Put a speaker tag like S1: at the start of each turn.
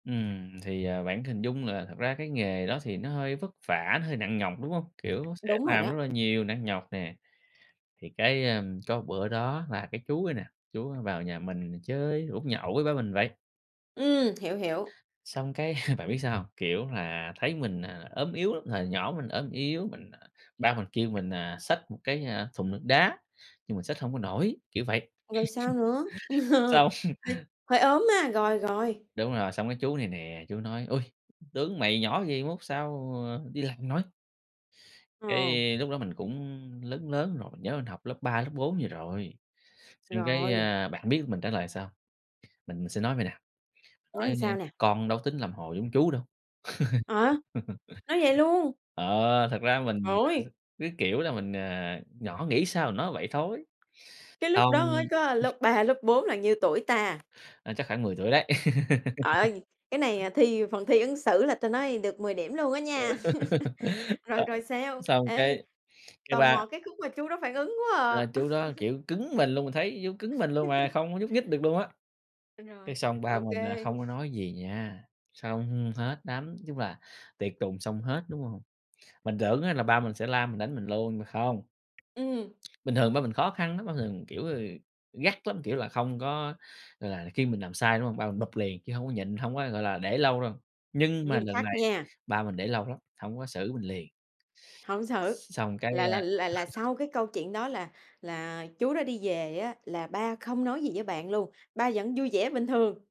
S1: Ừm, thì, à, bạn hình dung là thật ra cái nghề đó thì nó hơi vất vả, nó hơi nặng nhọc, đúng hông? Kiểu, sẽ
S2: Đúng rồi
S1: làm
S2: đó.
S1: rất là nhiều, nặng nhọc nè, thì cái, ưm, có bữa đó là cái chú đây nè, chú, a, vào nhà mình chơi rủ nhậu với ba mình vậy.
S2: Ừm, hiểu, hiểu.
S1: Xong cái, bạn biết sao hông? Kiểu là, thấy mình, ờ, ốm yếu lắm, hồi nhỏ mình ốm yếu, mình, ờ ba mình kêu mình, à, xách một cái, a, thùng nước đá, nhưng mình xách hông có nổi, kiểu vậy,
S2: Rồi sao nữa?
S1: xong
S2: Hơi hơi ốm ha, rồi, rồi.
S1: Đúng rồi, xong cái chú này nè, chú nói: "Ôi, tướng mày nhỏ vậy, mốt sao, ờ, đi làm nổi."
S2: Ờ.
S1: Cái, a, lúc đó mình cũng lớn lớn rồi, mình nhớ mình học lớp 3, lớp 4 gì rồi, xong cái,
S2: Rồi.
S1: a, bạn biết mình trả lời sao? Mình sẽ nói vậy nè,
S2: Nói làm
S1: nói:
S2: sao nè?
S1: "Con đâu tính làm hồ giống chú đâu."
S2: Ờ, nói vậy luôn.
S1: Ờ, thật ra
S2: Trời
S1: mình, à,
S2: ơi!
S1: [unintelligible] cái kiểu là, mình, à, nhỏ nghĩ sao là nói vậy thôi.
S2: Cái lúc
S1: Xong
S2: đó mới có lớp 3, lớp 4 là nhiêu tuổi ta?
S1: À, chắc khoảng 10 tuổi đấy.
S2: Trời ơi, cái này, ờ, thi phần thi ứng xử là tôi nói được 10 điểm luôn á
S1: Ờ.
S2: nha. Rồi,
S1: Ờ,
S2: rồi sao?
S1: xong
S2: Ê,
S1: cái cái
S2: tò
S1: ba
S2: mò cái khúc mà chú đó phản ứng
S1: Ơ,
S2: quá à.
S1: chú đó, kiểu, cứng mình luôn, mình thấy chú cứng mình luôn mà không có nhúc nhích được luôn á.
S2: Ưm,
S1: Cái
S2: rồi,
S1: xong ba
S2: ô
S1: mình, ờ,
S2: kê.
S1: không có nói gì nha, xong hết, đánh chung là tiệc tùng xong hết, đúng hông? Mình tưởng á là ba mình sẽ la mình, đánh mình luôn, nhưng mà không.
S2: Ừm.
S1: Bình thường ba mình khó khăn lắm, ba thường, kiểu, ờ, gắt lắm, kiểu là, không có, gọi là, khi mình làm sai, đúng hông? Ba mình bụp liền, chứ hông có nhịn, hông có, gọi là, để lâu đâu, nhưng mà
S2: Nghiêm
S1: lần
S2: khắc
S1: này,
S2: nha.
S1: ba mình để lâu lắm, hông có xử mình liền.
S2: Hổng xử,
S1: X xong cái,
S2: là là
S1: a
S2: là là sau cái câu chuyện đó là là, ờ, chú đã đi về á là ba không nói gì với bạn luôn, ba vẫn vui vẻ bình thường.